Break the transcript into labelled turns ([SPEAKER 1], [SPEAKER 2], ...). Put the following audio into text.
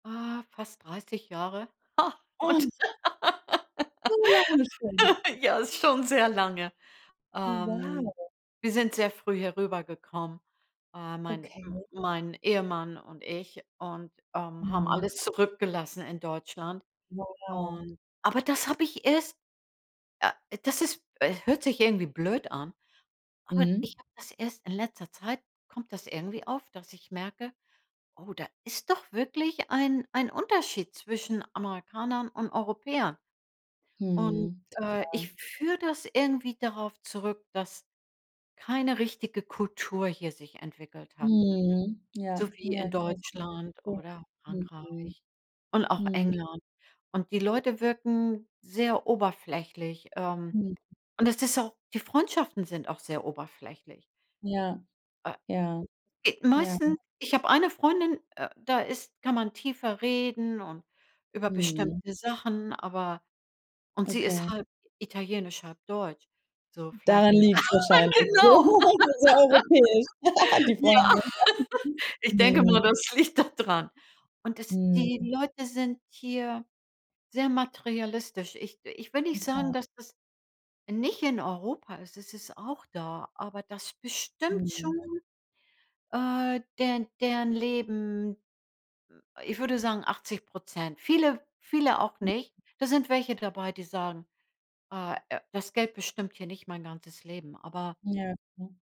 [SPEAKER 1] Ah, fast 30 Jahre. Ha! und
[SPEAKER 2] Uns So lange schon?
[SPEAKER 1] ja, ist schon sehr lange.
[SPEAKER 2] Wow!
[SPEAKER 1] Ähm, wir sind sehr früh herübergekommen. Äh, mein
[SPEAKER 2] Okay.
[SPEAKER 1] m mein Ehemann und ich und, ähm, haben
[SPEAKER 2] Mhm.
[SPEAKER 1] alles zurückgelassen in Deutschland.
[SPEAKER 2] Wow!
[SPEAKER 1] Und aber das habe ich erst äh, das ist äh, hört sich irgendwie blöd an, aber
[SPEAKER 2] Mhm.
[SPEAKER 1] ich habe das erst in letzter Zeit kommt das irgendwie auf, dass ich merke, oh, da ist doch wirklich ein ein Unterschied zwischen Amerikanern und Europäern. Und,
[SPEAKER 2] Mhm,
[SPEAKER 1] äh, ich
[SPEAKER 2] total.
[SPEAKER 1] führe das irgendwie darauf zurück, dass keine richtige Kultur hier sich entwickelt hat.
[SPEAKER 2] Mhm. Ja,
[SPEAKER 1] so wie in
[SPEAKER 2] ja. [unintelligible]
[SPEAKER 1] Deutschland
[SPEAKER 2] Ja,
[SPEAKER 1] oder
[SPEAKER 2] mhm.
[SPEAKER 1] Frankreich und auch
[SPEAKER 2] Mhm.
[SPEAKER 1] England. Und die Leute wirken sehr oberflächlich. Ähm,
[SPEAKER 2] Mhm.
[SPEAKER 1] und es ist auch die Freundschaften sind auch sehr oberflächlich.
[SPEAKER 2] Ja,
[SPEAKER 1] Äh
[SPEAKER 2] ja, ja.
[SPEAKER 1] meisten ich hab eine Freundin, äh, da ist kann man tiefer reden und über
[SPEAKER 2] Mhm.
[SPEAKER 1] bestimmte Sachen, aber und sie ist
[SPEAKER 2] Okay.
[SPEAKER 1] halb italienisch, halb deutsch. So vielleicht.
[SPEAKER 2] Daran liegt's wahrscheinlich.
[SPEAKER 1] Genau.
[SPEAKER 2] Sehr europäisch! Die
[SPEAKER 1] Ja.
[SPEAKER 2] Freundin
[SPEAKER 1] Ich denke
[SPEAKER 2] Mhm.
[SPEAKER 1] mal, das liegt da dran. Und es die
[SPEAKER 2] Mhm.
[SPEAKER 1] Leute sind hier sehr materialistisch. Ich ich will nicht sagen,
[SPEAKER 2] Total.
[SPEAKER 1] dass das nicht in Europa ist es ist auch da, aber das bestimmt schon,
[SPEAKER 2] Mhm.
[SPEAKER 1] äh, deren deren Leben, m ich würde sagen 80 % Viele viele auch nicht. Da sind welche dabei, die sagen, ah, äh: „Das Geld bestimmt hier nicht mein ganzes Leben“ aber
[SPEAKER 2] Ja, genau.